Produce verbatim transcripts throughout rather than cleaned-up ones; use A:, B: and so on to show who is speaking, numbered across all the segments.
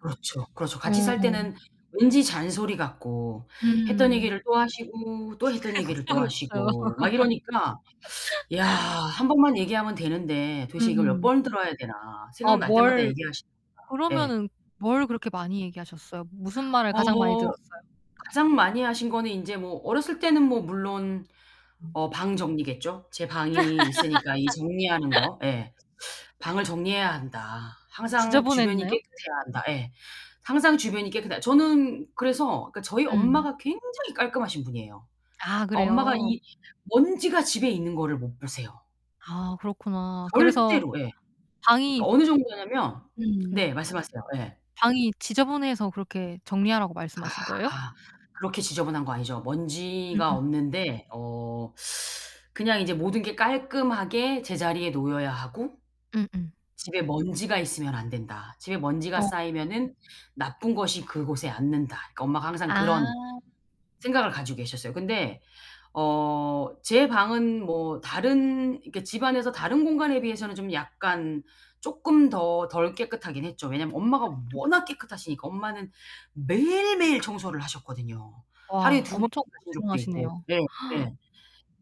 A: 그렇죠, 그렇죠.
B: 어
A: 같이 살
B: 어.
A: 때는 왠지 잔소리 같고 했던
B: 음.
A: 얘기를 또 하시고 또 했던 얘기를
B: 그쵸,
A: 또
B: 그쵸.
A: 하시고 막 이러니까 '야, 한 번만 얘기하면 되는데 도대체 이걸 몇
B: 음.
A: 번을 들어야 되나.'
B: 아
A: 생각날 때마다
B: 뭘
A: 얘기하시니까. 예.
B: 그러면은 뭘 그렇게 많이 얘기하셨어요? 무슨 말을 가장 많이
A: 어.
B: 들었어요?
A: 가장 많이 하신 거는 인제 뭐 어렸을 때는 뭐 물론 어 방 정리겠죠. 제 방이 있으니까 이 정리하는 거. 예. 방을 정리해야 한다, 항상 주변이
B: 지저분했나요?
A: 깨끗해야 한다. 예. 항상 주변이 깨끗해야 저는 그래서 그 저희
B: 음.
A: 엄마가 굉장히 깔끔하신 분이에요.
B: 아
A: 그 엄마가
B: 그래요?
A: 이 먼지가 집에 있는 거를 못 보세요.
B: 아 그렇구나. 그래서
A: 절대로. 예. 그
B: 방이
A: 어느 정도냐면
B: 음.
A: 네 말씀하세요. 예.
B: 방이 지저분해서 그렇게 정리하라고 말씀하신 거예요?
A: 아. 그렇게 지저분한 거 아니죠. 먼지가
B: 음음.
A: 없는데 어 그냥 이제 '모든 게 깔끔하게 제자리에 놓여야 하고,
B: 음음.
A: 집에 먼지가 있으면 안된다. 집에 먼지가
B: 어.
A: 쌓이면은 나쁜 것이 그곳에 앉는다.' 그러니까 엄마가 항상
B: 아.
A: 그런 생각을 가지고 계셨어요. 근데 어 제 방은 뭐 다른 이렇게 집안에서 다른 공간에 비해서는 좀 약간 쪼끔 더 덜 깨끗하긴 했죠. 왜냐면 엄마가 워낙 깨끗하시니까. 엄마는 매일 매일 청소를 하셨거든요. 하루에
B: 와
A: 두 번
B: 엄청
A: 하신 적도 있고.
B: 고생하시네요.
A: 네 네.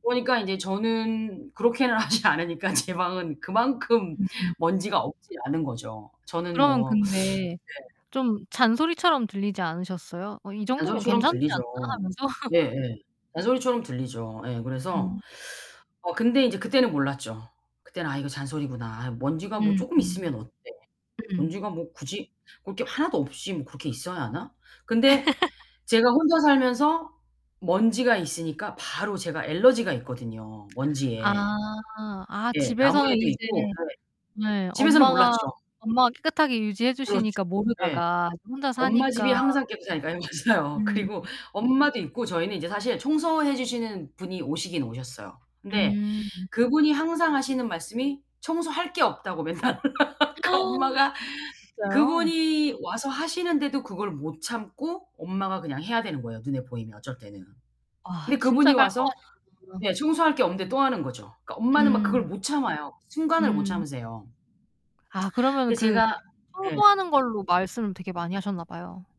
A: 그러니까 이제 저는 그렇게는 하지 않으니까 제 방은 그만큼
B: 음음.
A: 먼지가 없지 않은 거죠. 저는
B: 그러면
A: 뭐
B: 근데
A: 네.
B: 좀 잔소리처럼 들리지 않으셨어요? '어, 이 정도면
A: 잔소리처럼
B: 괜찮지
A: 들리죠.
B: 않나?' 하면서.
A: 예예. 잔소리처럼 들리죠. 예, 그래서
B: 음.
A: 어 근데 이제 그때는 몰랐죠. 그때는 '아, 이거 잔소리구나. 아 먼지가 뭐
B: 음
A: 쪼끔
B: 음.
A: 있으면 어때.
B: 음.
A: 먼지가 뭐 굳이 볼 게 하나도 없이 뭐 그렇게 있어야 하나?' 근데 제가 혼자 살면서 먼지가 있으니까 바로 제가 알러지가 있거든요,
B: 아.
A: 먼지에.
B: 아,
A: 예.
B: 집에서는
A: 나무에도
B: 이제
A: 있고 예.
B: 네
A: 집에서는
B: 엄마가
A: 몰랐죠.
B: 엄마가 깨끗하게 유지해
A: 그렇죠.
B: 주시니까
A: 예.
B: 모르다가 이제 혼자
A: 엄마 집이
B: 사니까.
A: 항상 깨끗하니까. 네 맞아요.
B: 음.
A: 그리고 엄마도 있고 저희는 이제 사실 청소해 주시는 분이 오시긴 오셨어요. 근데
B: 음.
A: 그분이 항상 하시는 말씀이 청소할 게 없다고 맨날 그러니까 엄마가
B: 진짜요?
A: 그분이 와서 하시는데도 그걸 못 참고 엄마가 그냥 해야 되는 거예요, 눈에 보이면 어쩔 때는.
B: 와,
A: 근데
B: 진짜
A: 그분이 와서 예
B: 깔끔하시구나.
A: 청소할 게 없는데 또 하는 거죠. 그러니까 엄마는 막 그걸
B: 음.
A: 못 참아요. 순간을 못
B: 음.
A: 참으세요.
B: 아 그러면은
A: 근데
B: 그
A: 제가 예.
B: 청소하는 걸로 말씀을 되게 많이 하셨나 봐요.